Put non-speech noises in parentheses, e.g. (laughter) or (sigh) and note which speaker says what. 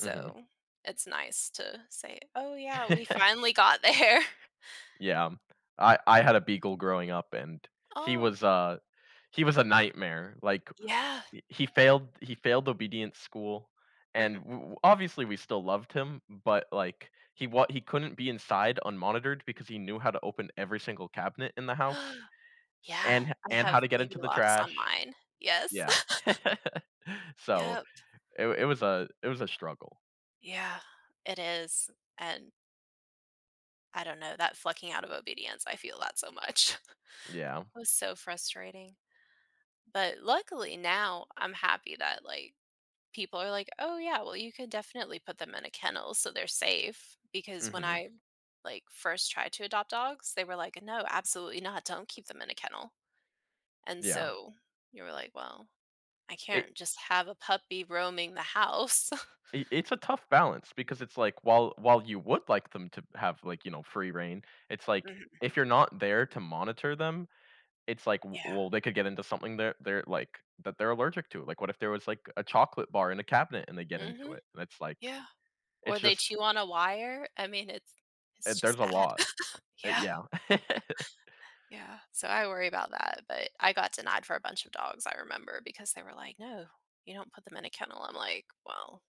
Speaker 1: Mhm.
Speaker 2: it's nice to say, "Oh yeah, we
Speaker 1: (laughs)
Speaker 2: finally got there."
Speaker 1: Yeah, um, I I had a beagle growing up, and he
Speaker 2: Oh.
Speaker 1: was a he was a nightmare, like,
Speaker 2: Yeah.
Speaker 1: i he failed he failed obedience school, and
Speaker 2: Mhm.
Speaker 1: w w obviously we still loved him, but like he wa he couldn't be inside unmonitored because he knew how to open every single cabinet in the house,
Speaker 2: (gasps) Yeah,
Speaker 1: and ho
Speaker 2: I
Speaker 1: and how
Speaker 2: have
Speaker 1: to get
Speaker 2: baby
Speaker 1: into the
Speaker 2: locks on
Speaker 1: trash
Speaker 2: mine, yes.
Speaker 1: Yeah.
Speaker 2: (laughs)
Speaker 1: (laughs) So
Speaker 2: Yep.
Speaker 1: it it was a it was a struggle.
Speaker 2: Yeah, it is, and I don't know that flunking out of obedience, I feel that so much. (laughs)
Speaker 1: Yeah.
Speaker 2: It was so frustrating. But luckily now I'm happy that, like, people are, like, "Oh yeah, well you could definitely put them in a kennel so they're safe," because when
Speaker 1: Mhm.
Speaker 2: I, like, first tried to adopt dogs, they were, like, "No, absolutely not, don't keep them in a kennel, and
Speaker 1: Yeah.
Speaker 2: so, we were like, "Well, I
Speaker 1: It
Speaker 2: can't just have a puppy roaming the house."
Speaker 1: I it's a tough balance because it's, like, while while you would like them to b have like, you know, free reign, it's, like,
Speaker 2: Mhm.
Speaker 1: if you're not there to monitor them, it's, like, w
Speaker 2: Yeah.
Speaker 1: well, they could get into something they're they're, like that they're allergic to, like what if there was like a chocolate bar in a cabinet and they get into
Speaker 2: Mhm,
Speaker 1: it, and it's like
Speaker 2: yeah, or
Speaker 1: it's
Speaker 2: they
Speaker 1: just
Speaker 2: chew on a wire. I mean, it's
Speaker 1: Eh,
Speaker 2: it's just
Speaker 1: there's a
Speaker 2: bad.
Speaker 1: lot.
Speaker 2: (laughs)
Speaker 1: Eh,
Speaker 2: Yeah.
Speaker 1: yeah. (laughs)
Speaker 2: Yeah, so I worry about that, but I got denied for a bunch of dogs I remember because they were, like, "No, you don't put them in a kennel." I'm, like, "Well"